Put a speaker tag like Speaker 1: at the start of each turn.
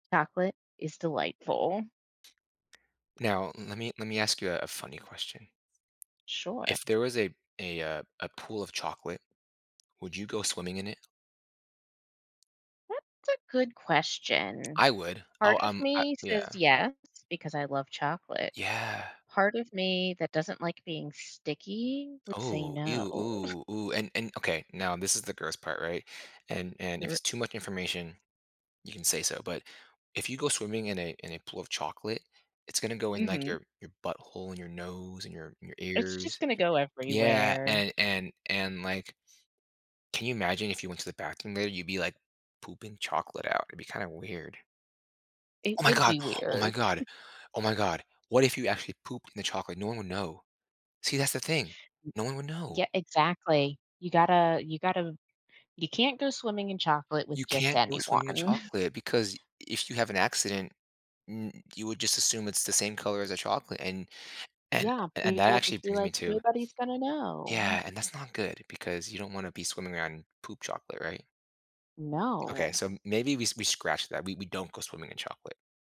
Speaker 1: Chocolate is delightful.
Speaker 2: Now let me let me ask you, uh, a funny question
Speaker 1: Sure.
Speaker 2: If there was a a, uh, a pool of chocolate, would you go swimming in it?
Speaker 1: That's a good question.
Speaker 2: I would. I'll,
Speaker 1: Part of
Speaker 2: um, I
Speaker 1: me
Speaker 2: yeah.
Speaker 1: says yes because I love chocolate.
Speaker 2: Yeah.
Speaker 1: Part of me that doesn't like being sticky, would say
Speaker 2: Oh,
Speaker 1: no.
Speaker 2: ew, ooh, ooh, and and okay, now this is the gross part, right? And and
Speaker 1: R
Speaker 2: if it's
Speaker 1: R
Speaker 2: too much information, you can say so, but if you go swimming in a in a pool of chocolate, it's gonna go in, like,
Speaker 1: Mhm.
Speaker 2: your your butthole in your nose and your your
Speaker 1: It's just
Speaker 2: ears.
Speaker 1: gonna go
Speaker 2: Yeah,
Speaker 1: everywhere.
Speaker 2: and and and, like, can you imagine if you went to the bathroom there, you'd be, like, pooping chocolate out? It'd be kinda weird.
Speaker 1: It
Speaker 2: Oh my
Speaker 1: would
Speaker 2: god.
Speaker 1: be
Speaker 2: Oh my
Speaker 1: weird.
Speaker 2: god. Oh my god. What if you actually pooped in the chocolate? No one would know. See, that's the thing. No one would know.
Speaker 1: Yeah exactly, you gotta you gotta you can't go swimming in chocolate with
Speaker 2: You
Speaker 1: just
Speaker 2: can't go swimming in
Speaker 1: anyone.
Speaker 2: chocolate because if you have an accident, n you would just assume it's the same color as the chocolate. And and
Speaker 1: Yeah,
Speaker 2: and that
Speaker 1: people
Speaker 2: actually
Speaker 1: just be,
Speaker 2: brings me
Speaker 1: like,
Speaker 2: to
Speaker 1: nobody's gonna know, mm.
Speaker 2: Yeah, and that's not good because you don't wanna be swimming around poop chocolate, right? Okay,
Speaker 1: No.
Speaker 2: so m maybe we s we scratch that. We we don't go swimming in chocolate.